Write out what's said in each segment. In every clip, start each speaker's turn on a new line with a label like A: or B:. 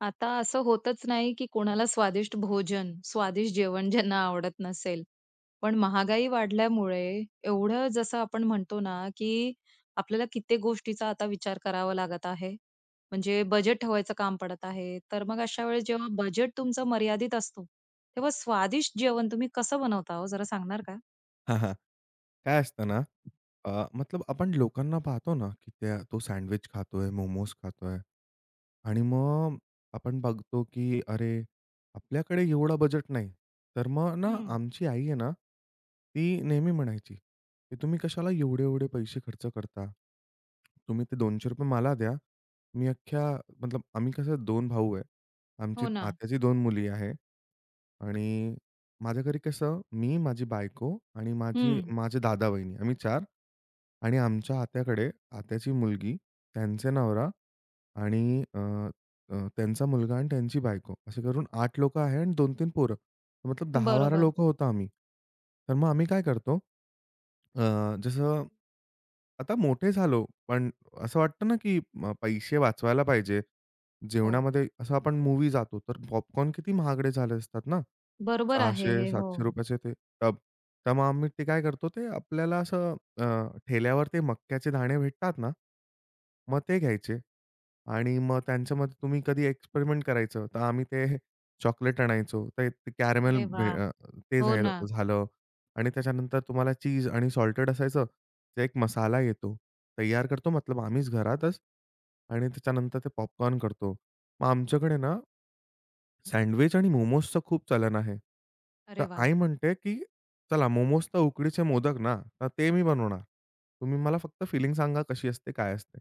A: आता असं होतच नाही, की कोणाला स्वादिष्ट भोजन, स्वादिष्ट जेवण ज्यांना आवडत नसेल. पण महागाई वाढल्यामुळे एवढं जसं आपण म्हणतो ना, की आपल्याला कित्येक गोष्टींचा आता विचार करावा लागत आहे. म्हणजे बजेट ठेवायचं काम पडत आहे. तर मग अशा वेळेस जेव्हा बजेट तुमचं मर्यादित असतो. तेव्हा स्वादिष्ट जेवण तुम्ही कसं बनवता हो, जरा सांगणार का?
B: हां. हां. काय असत ना, अ, मतलब आपण लोकांना पाहतो ना त्या तो सँडविच खातोय, मोमोस खातोय आणि मग आपण बघतो की अरे, आपल्याकडे एवढा बजेट नाही. तर मग ना
A: हं.
B: आमची आई आहे ना ती नेहमी म्हणायची, की "तुम्ही कशाला एवढे-एवढे पैसे खर्च करता? तुम्ही ते 200 रुपये मला द्या. मी अख्ख्या-" मतलब आम्ही कसं 2 भाऊ आहे. आमची
A: हो, ना.
B: आत्याची 2 मुली आहे. आणि माझ्या घरी कसं मी, माझी बायको आणि माझी
A: हं.
B: माझे दादा, वहिनी आम्ही 4 आणि आमच्या आत्याकडे आत्याची मुलगी त्यांचे नवरा आणि अ, अ, त्यांचा मुलगा आणि त्यांची बायको असे धरून 8 लोकं आहेत आणि 2-3 पोरं. मतलब 10-12
A: बरोबर.
B: लोकं होतो आम्ही. तर मग आम्ही काय करतो. अ, जसं, आता मोठे झालो, पण असं वाटतं ना, अ, की पैसे वाचवायला पाहिजे.
A: हो.
B: जेवणामध्ये असं. आपण मूव्ही जातो, तर पॉपकॉर्न किती महागडे झाले असतात ना,
A: बरोबर आहे
B: सहाशे
A: हे.
B: सातशे
A: हो.
B: रुपयाचे ते टब. त्यामुळे आम्ही ते काय करतो. ते आपल्याला असं अ, ठेल्यावर ते मक्याचे दाणे भेटतात ना, मग ते घ्यायचे आणि मग त्यांच्यामध्ये तुम्ही कधी एक्सपेरिमेंट करायचं, तर आम्ही ते चॉकलेट आणायचो ते कॅरामेल
A: अरे
B: बे
A: वाह!
B: अ ते
A: हो
B: झायल
A: ना.
B: झालं आणि त्याच्यानंतर तुम्हाला चीज आणि सॉल्टेड असायचं, तर एक मसाला येतो. तयार करतो मतलब आम्हीच घरातच आणि त्याच्यानंतर ते पॉपकॉर्न करतो. मग आमच्याकडे ना सँडविच आणि मोमोसच खूप चालन आहे. तर
A: अरे वाह!
B: आई म्हणते की "चला मोमोस तर उकडीचे मोदक ना, तर ते मी बनवणार. तुम्ही मला फक्त फिलिंग सांगा कशी असते. काय असते."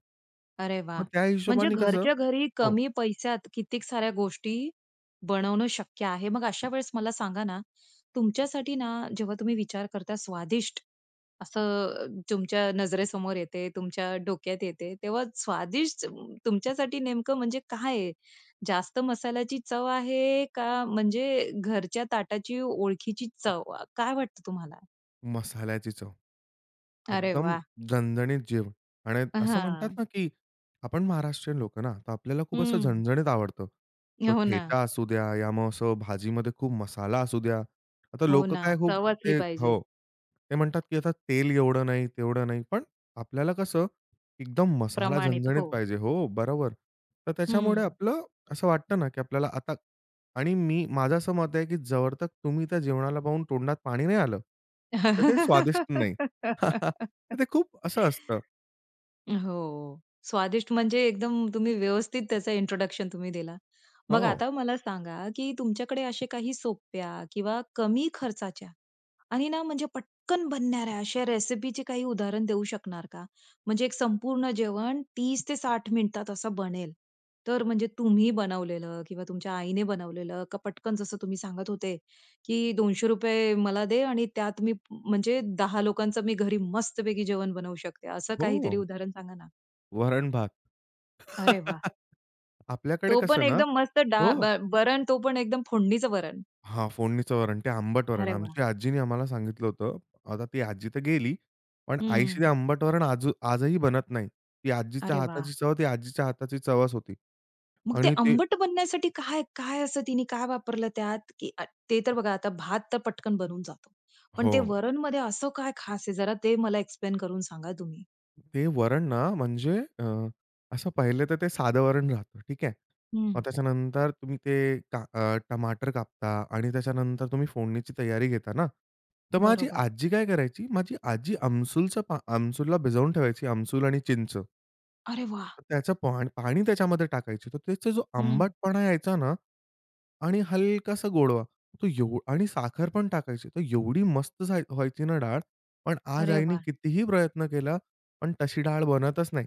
A: अरे
B: मग
A: वाह!
B: त्या
A: म्हणजे
B: हिशोबाने कसं
A: घरच्या घरी
B: हो.
A: कमी पैशात कितीक साऱ्या गोष्टी बनवणं शक्य आहे. मग अशा वेळेस मला सांगा ना, तुमच्यासाठी ना जेव्हा तुम्ही विचार करता स्वादिष्ट असं अ, तुमच्या नजरेसमोर येते, तुमच्या डोक्यात येते, तेव्हा स्वादिष्ट तुमच्यासाठी नेमकं म्हणजे काय आहे? जास्त मसाल्याची चव आहे का म्हणजे घरच्या ताटाची ओळखीची चव. अ, काय वाटतं तुम्हाला?
B: मसाल्याची चव.
A: अरे
B: एकदम
A: वाह!
B: झणझणीत जेवण आणि असं म्हणतात
A: हां.
B: ना, की आपण महाराष्ट्रीयन लोकं ना. तर आपल्याला खूप असं
A: हं.
B: झणझणीत आवडतं. तो
A: हो ना.
B: ठेचा असू द्या, या मग असं भाजीमध्ये खूप मसाला असू द्या. आता
A: हो
B: लोकं
A: ना.
B: काय खूप
A: चव असली
B: ते
A: पाहिजे.
B: हो. ते म्हणतात, की आता तेल एवढं नाही तेवढं नाही. पण आपल्याला कसं एकदम मसाला
A: प्रमाणित.
B: झणझणीत
A: हो.
B: पाहिजे. हो, बरोबर. तर त्याच्यामुळे
A: हं.
B: आपलं असं वाटतं ना, की आपल्याला आता आणि मी माझं असं मत आहे, की जवरतक तुम्ही त्या जेवणाला पाहून तोंडात पाणी नाही आलं, तर ते स्वादिष्ट नाही. तर ते खूप असं असतं.
A: हो. स्वादिष्ट म्हणजे एकदम तुम्ही व्यवस्थित त्याचा इंट्रोडक्शन तुम्ही दिला. मग
B: हो.
A: आता मला सांगा, की तुमच्याकडे असे काही सोप्या किंवा कमी खर्चाच्या आणि ना म्हणजे पटकन बनणाऱ्या अशा रेसिपीचे काही उदाहरण देऊ शकणार का? म्हणजे एक संपूर्ण जेवण 30-60 मिनिटात असं बनेल. तर म्हणजे तुम्ही बनवलेलं किंवा तुमच्या आईने बनवलेलं का पटकन जसं तुम्ही सांगत होते, की ₹200 मला दे आणि त्यात मी म्हणजे 10 लोकांचं मी घरी मस्तपैकी जेवण बनवू शकते, असं काहीतरी
B: हो.
A: उदाहरण सांगा ना?
B: वरण भात.
A: अरे वाह!
B: आपल्याकडे
A: तो पण
B: कसं ना?
A: एकदम मस्त डाळ
B: हो.
A: भा वरण तो पण एकदम फोडणीचं वरण.
B: हां. फोडणीचं वरण, ते आंबट वरण
A: अरे वाह!
B: आमची आजीनी आम्हाला सांगितलं होतं. आता ती आजी तर गेली. पण आईशी ते
A: हं.
B: आंबटवरण आजू आजही बनत नाही. ती आजीच्या
A: अरे वाह!
B: हाताची चव ती आजीच्या हाताची चवच होती.
A: मग ते
B: आणि ते
A: आंबट बनण्यासाठी काय काय असं तिने काय वापरलं त्यात? की अ, ते तर बघा आता भात तर पटकन बनून जातो. पण ते
B: हो.
A: वरणमध्ये असं काय खास आहे? जरा ते मला एक्सप्लेन करून सांगा तुम्ही?
B: ते वरण ना म्हणजे अ, असं पाहिले तर ते साधं वरण राहतं. ठीक आहे.
A: हं.
B: मग त्याच्यानंतर तुम्ही ते का अ, टमाटर कापता आणि त्याच्यानंतर तुम्ही फोडणीची तयारी घेता ना? तर माझी
A: बरोबर.
B: आजी काय करायची माझी आजी आमसूलचं पा आमसूलला भिजवून ठेवायची आमसूल आणि चिंच.
A: अरे वाह!
B: तर त्याचं पाण पाणी त्याच्यामध्ये टाकायची. तर त्याचा जो
A: हं.
B: आंबटपणा यायचा ना आणि हलकासा गोडवा. तो एव आणि साखर पण टाकायची, तर एवढी मस्त झा व्हायची ना डाळ. पण आज
A: अरे
B: आईने
A: वाह!
B: कितीही प्रयत्न केला पण तशी डाळ बनतच नाही.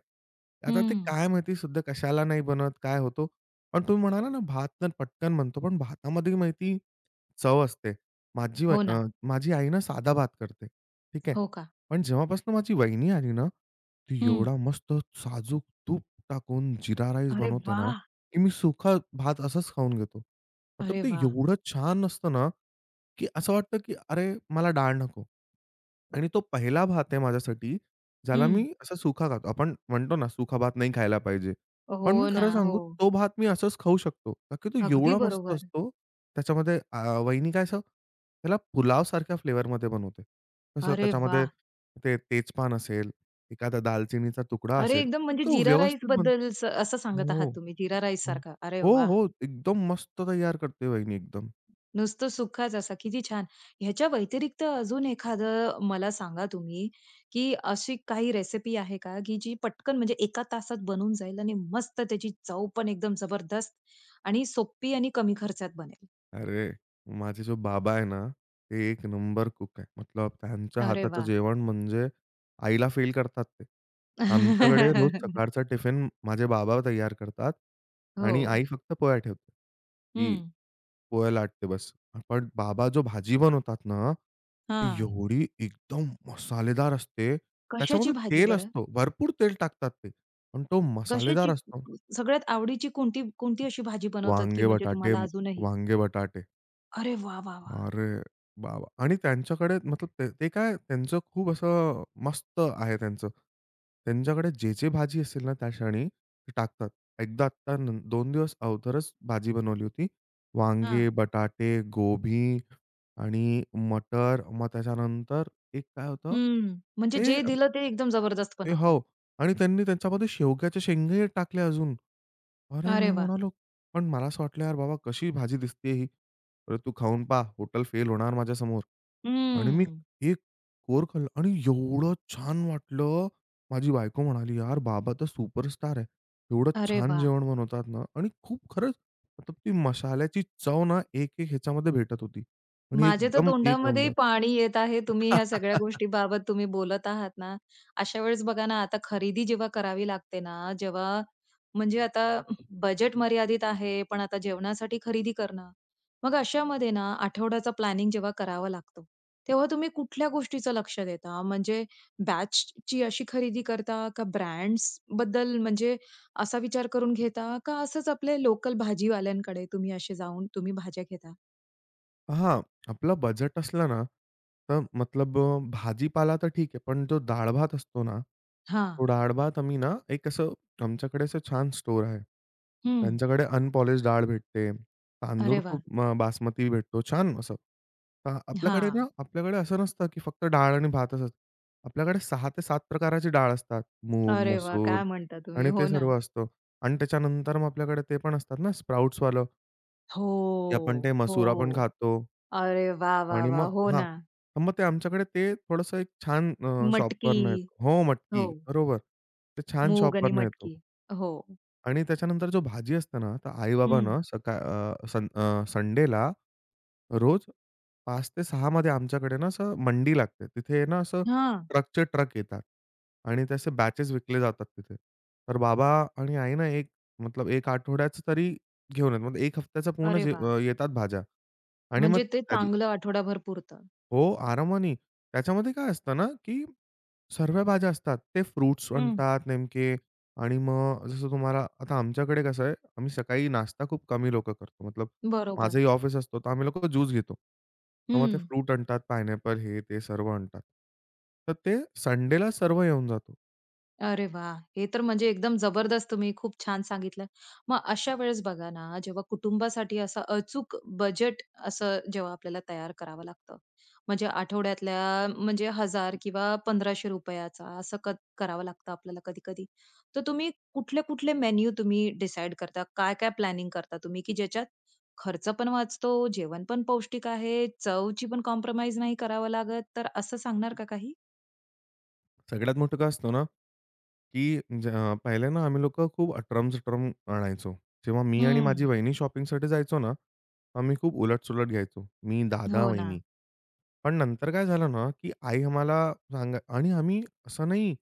B: आता ते
A: हं.
B: काय माहिती सध्या कशाला नाही बनत, काय होतो? पण तुम्ही म्हणाला ना भात तर पटकन बनतो, पण भातामध्ये माहिती चव असते. माझी बा
A: हो
B: अ,
A: ना.
B: माझी आई ना साधा भात करते, ठीक आहे.
A: हो का.
B: पण जेव्हापासून माझी वाहिनी आली ना, ती
A: हं.
B: एवढा मस्त साजूक तूप टाकून जीरा राईस
A: अरे
B: बनवते ना,
A: वाह!
B: की मी सुका भात असंच खाऊन घेतो. मतलब
A: अरे
B: ते
A: वाह!
B: एवढं छान असतं ना, की असं वाटतं की "अरे मला डाळ नको." आणि तो पहिला भात आहे माझ्यासाठी ज्याला मी
A: हं.
B: असा सुका खातो. आपण म्हणतो ना सुका भात नाही खायला पाहिजे. पण
A: हो
B: मी खरं
A: ना.
B: सांगू
A: हो.
B: तो भात मी असच खाऊ शकतो. का की तो
A: अगदी
B: एवढा मस्त
A: बरोबर.
B: असतो. त्याच्यामध्ये अ, वहिनी काय असं त्याला पुलाव सारख्या फ्लेवर मध्ये बनवते. तसं
A: अरे
B: त्याच्यामध्ये
A: वाह!
B: ते तेजपान असेल, एखादा दालचिनीचा तुकडा
A: अरे
B: असेल
A: एकदम
B: तर
A: म्हणजे
B: तो
A: जीरा
B: व्यवस्थित
A: राईसबद्दल
B: बनतो
A: स असं सांगत आहात
B: हो,
A: तुम्ही जीरा
B: हो.
A: राईससारखं. अरे
B: हो,
A: वाह!
B: हो. एकदम मस्त तयार करते वहिनी एकदम.
A: नुसतं सुकाच असा किती छान. ह्याच्या व्यतिरिक्त अजून एखादं मला सांगा तुम्ही, की अशी काही रेसिपी आहे का की जी पटकन म्हणजे एका तासात बनून जाईल आणि मस्त त्याची चवपण एकदम जबरदस्त आणि सोपी आणि कमी खर्चात बनेल?
B: अरे, माझे जो बाबा आहे ना, ते 1 नंबर कुक आहे. मतलब त्यांच्या
A: अरे
B: हाताचं
A: वाह!
B: जेवण म्हणजे आईला फेल करतात ते. आमच्याकडे रोज सकाळचा टिफिन माझे बाबा तयार करतात आणि
A: हो.
B: आई फक्त पोळ्या ठेवते. ती
A: हं.
B: पोळ्या लाटते बस. पण बाबा जो भाजी बनवतात ना, ती
A: हां.
B: एवढी एकदम मसालेदार असते,
A: कशाची
B: त्याच्यामध्ये
A: भाजी
B: तेल
A: बरं?
B: असतं, भरपूर तेल टाकतात ते पण तो मसालेदार
A: कशाची?
B: असतो.
A: सगळ्यात आवडीची कोणती कोणती अशी भाजी बनवतात, की
B: वांगे
A: म्हणजे
B: बटाटे
A: तुम्हाला अजूनही
B: वांगे बटाटे.
A: अरे वाह! वाह! वाह!
B: अरे बाबा आणि त्यांच्याकडे मतलब त ते काय त्यांचं खूप असं अ, मस्त आहे त्यांचं. त्यांच्याकडे जे-जे भाजी असेल ना, त्या क्षणी ते टाकतात. एकदा तर 2 दिवस अगोदरच भाजी बनवली होती. वांगे,
A: हां.
B: बटाटे, गोभी आणि मटर मग त्याच्यानंतर एक काय होतं
A: हम्म. म्हणजे
B: हे
A: जे
B: अ,
A: दिलं ते एकदम जबरदस्त
B: ए
A: बनवतात.
B: हो. आणि त्यांनी त्यांच्यामध्ये शेवग्याच्या शेंगे टाकल्या अजून. अरे मी
A: अरे वाह!
B: म्हणालो पण मला असं वाटलं, "यार बाबा कशी भाजी दिसतेय ही? अरे तू खाऊन पहा हॉटेल फेल होणार माझ्यासमोर." आणि मी
A: हम्म.
B: एक कोर खाल्लं आणि एवढं छान वाटलं. माझी बायको म्हणाली, "यार बाबा तर सुपरस्टार आहे. एवढं
A: अरे
B: छान
A: वाह!
B: जेवण बनवतात ना." आणि खूप खरंच मतलब ती मशाल्याची चव ना, एक-एक ह्याच्यामध्ये भेटत होती आणि
A: माझ्या तर
B: एकदम 1
A: तोंडामध्येही
B: नंबर.
A: पाणी येत आहे तुम्ही ह्या सगळ्या गोष्टींबाबत तुम्ही बोलत आहात ना. अशा वेळेस बघा ना, आता खरेदी जेव्हा करावी लागते ना, जेव्हा म्हणजे आता बजेट मर्यादित आहे पण आता जेवणासाठी खरेदी करणं. मग अशा मध्ये ना, आठवड्याचा प्लॅनिंग जेव्हा करावं लागतो, तेव्हा तुम्ही कुठल्या गोष्टीचं लक्ष देता? म्हणजे बॅचची अशी खरेदी करता का ब्रँड्सबद्दल म्हणजे असा विचार करून घेता का? असंच आपले लोकल भाजीवाल्यांकडे तुम्ही असे जाऊन तुम्ही भाज्या घेता?
B: हं. आपलं बजेट असलं ना, तर मतलब अ, भाजीपाला तर ठीक आहे. पण जो डाळ-भात असतो ना, तो
A: हां.
B: डाळ भात आम्ही ना, 1 असं, आमच्याकडे असं छान स्टोअर आहे.
A: हं.
B: त्यांच्याकडे अनपॉलिश्ड डाळ भेटते. तांदूळ
A: अरे वाह!
B: खूप अ, बासमती भेटतो, छान असं. तर आपल्याकडे ना,
A: हां.
B: आपल्याकडे असं नसतं, की फक्त डाळ आणि भात असतं. आपल्याकडे 6-7 प्रकाराची डाळ असतात. मूग,
A: अरे वाह!
B: मसूर
A: काय म्हणता तुम्ही?
B: आणि ते
A: हो ना.
B: सर्व असतं. आणि त्याच्यानंतर मग आपल्याकडे ते पण असतात ना, स्प्राउट्सवालं
A: हो,
B: की आपण ते
A: हो.
B: मसुर पण खातो.
A: अरे वाह, वाह,
B: आणि
A: वाह!
B: मग
A: हो
B: हां.
A: ना.
B: मग ते आमच्याकडे ते थोडंसं 1 छान अ, शॉपवरनं
A: मटकी,
B: येतं हो मटकी,
A: हो.
B: बरोबर. ते छान
A: मूग आणि
B: शॉपवरनं येतो.
A: मटकी हो.
B: आणि त्याच्यानंतर जो भाजी असते ना, तर आई-बाबा
A: हं.
B: ना सका अ, सन अ, संडेला, रोज 5-6 मध्ये आमच्याकडे ना, असं मंडी लागते. तिथे ना असं,
A: हां.
B: ट्रकचे-ट्रक येतात. आणि त्या असे बॅचेस विकले जातात तिथे. तर बाबा आणि आई ना, 1 मतलब 1 आठवड्याचं तरी घेऊन येतात. मग एक हफ्त्याचा पूर्ण
A: अरे
B: जे
A: वाह!
B: अ, येतात भाज्या आणि मग
A: म्हणजे ते
B: कधी
A: चांगलं आठवडाभर पुरतं.
B: हो आरामानी. त्याच्यामध्ये काय असतं ना, की सर्व भाज्या असतात. ते फ्रुट्स
A: हं.
B: आणतात नेमके आणि मग जसं तुम्हाला आता आमच्याकडे कसं आहे आम्ही सकाळी नाश्ता खूप कमी लोकं करतो. मतलब
A: बरोबर.
B: माझंही ऑफिस असतं, तर आम्ही लोकं ज्यूस घेतो. तर मग ते
A: हं.
B: फ्रूट आणतात पाईनएपल हे, ते सर्व आणतात. तर ते संडेला सर्व येऊन जातं.
A: अरे वाह! हे तर म्हणजे एकदम जबरदस्त तुम्ही खूप छान सांगितलं. मग अशा वेळेस बघा ना, जेव्हा कुटुंबासाठी असं अचूक बजेट असं जेव्हा आपल्याला तयार करावं लागतं. म्हणजे आठवड्यातल्या म्हणजे ₹1000 किंवा ₹1500 रुपयाचा असं कत करावं लागतं आपल्याला कधी-कधी. तर तुम्ही कुठले-कुठले मेनू तुम्ही डिसाईड करता. काय-काय प्लॅनिंग करता तुम्ही की ज्याच्यात खर्चपण वाचतो, जेवणपण पौष्टिक आहे, चवची पण कॉम्प्रोमाईज नाही करावं लागत. तर असं सांगणार का काही?
B: सगळ्यात मोठं काय असतो ना, की ज पहिले ना आम्ही लोकं खूप अटरम-सटरम आणायचो. जेव्हा मी आणि माझी
A: हम्म.
B: वहिनी शॉपिंगसाठी जायचो ना. आम्ही खूप उलट-सुलट घ्यायचो. मी, दादा,
A: हो
B: वहिनी.
A: ना.
B: पण नंतर काय झालं ना, की आई आम्हाला सांगा आणि आम्ही असं नाही.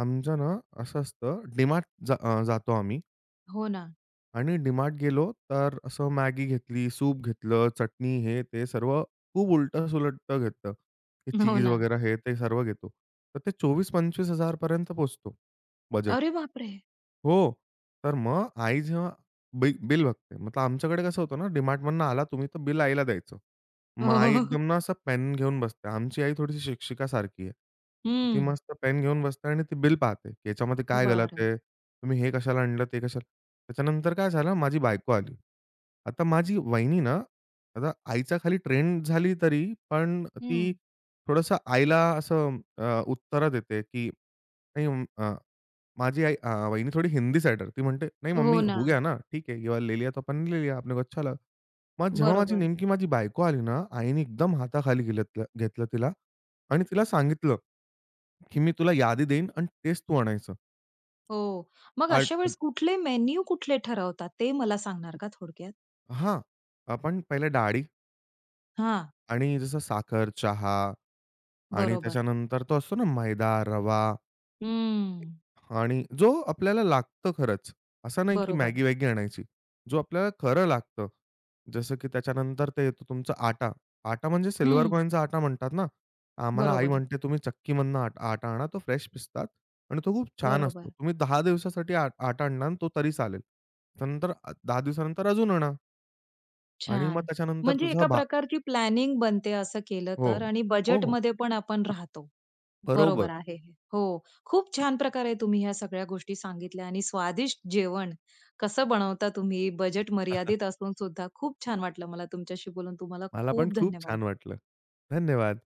B: आमचं ना असं असतं, डीमार्ट जा अ, जातो आम्ही.
A: हो ना.
B: आणि डीमार्ट गेलो, तर असं मॅगी घेतली, सूप घेतलं, चटणी हे ते सर्व खूप उलट-सुलट घेतलं. हे
A: हो
B: चीज
A: ना.
B: वगैरे हे ते सर्व घेतो. तर ते 24000-25000 पोहचतो, बजेट.
A: अरे बापरे!
B: हो, तर मग आई जेव्हा बिल बिल बघते मतलब आमच्याकडे कसं होतं ना, डी-मार्टमधनं आला तुम्ही तर बिल आईला द्यायचं.
A: हो,
B: मग
A: हो, हो,
B: आई
A: हो, हो.
B: एकदम ना असं पेन घेऊन बसते, आमची आई थोडीशी शिक्षिका सारखी आहे. ती
A: हं.
B: मस्त पेन घेऊन बसते आणि ती बिल पाहते, की याच्यामध्ये काय गलत
A: बरं.
B: आहे, तुम्ही हे कशाला आणलं ते कशाला त्याच्यानंतर काय झालं माझी बायको आली. आता माझी वहिनी ना, आता आईच्या खाली ट्रेंन झाली तरी पण ती
A: हं.
B: थोडंसं आईला असं अ, उत्तर देते की नाही अं, अ, माझी आई अ, वहिनी थोडी हिंदी सायडर ती म्हणते, "नही
A: हो
B: मम्मी, हो
A: ना.
B: गया ना ठीक है, ये वाला ले लिया तो आपन ने ले लिया. अपने को अच्छा लगा." मग जेव्हा माझी
A: बरोबर.
B: नेमकी माझी बायको आली ना, आईनी एकदम हाताखाली घिलत घी घेतलं तिला आणि तिला सांगितलं, की मी तुला यादी देईन आणि तेच तू आणायचं.
A: हो. मग
B: आणि
A: अशा
B: अ
A: वेळेस कुठले मेन्यू कुठले ठरवतात? ते मला सांगणार का थोडक्यात?
B: हां. आपण पहिलं डाळी
A: हां.
B: आणि जसं साखर, चहा आणि
A: बरोबर.
B: त्याच्यानंतर तो असतो ना मैदा, रवा.
A: हम्म.
B: आणि जो आपल्याला लागतं खरंच. असं नाही की
A: बरोबर.
B: मॅगी-वॅगी आणायची. जो आपल्याला खरं लागतं, जसं की त्याच्यानंतर ते येतं तुमचा आटा. आटा म्हणजे सिल्व्हर
A: हं.
B: कॉइनचा आटा म्हणतात ना, आम्हाला आई
A: बरोबर.
B: म्हणते, "तुम्ही चक्कीमधनं आट आटा आणा तो फ्रेश पिसतात आणि तो खूप छान असतो.
A: बरोबर.
B: तुम्ही 10 दिवसासाठी आ आटा आणणार ना तो तरी चालेल. त्यानंतर अ, 10 दिवसानंतर अजून आणा." आणि मग
A: छान!
B: त्याच्यानंतर
A: म्हणजे
B: तुझा
A: एका
B: भा
A: प्रकारची प्लॅनिंग बनते असं केलं
B: हो.
A: तर आणि
B: हो, हो.
A: बजेटमध्ये पण आपण राहतो,
B: बरोबर.
A: बरोबर आहे हे. हो, खूप छान प्रकारे तुम्ही ह्या सगळ्या गोष्टी सांगितल्या आणि स्वादिष्ट जेवण कसं बनवता तुम्ही बजेट मर्यादित असून सुद्धा. खूप छान वाटलं मला तुमच्याशी बोलून तुम्हाला
B: मला पण
A: खूप
B: खूप
A: धन्यवाद.
B: छान वाटलं. धन्यवाद.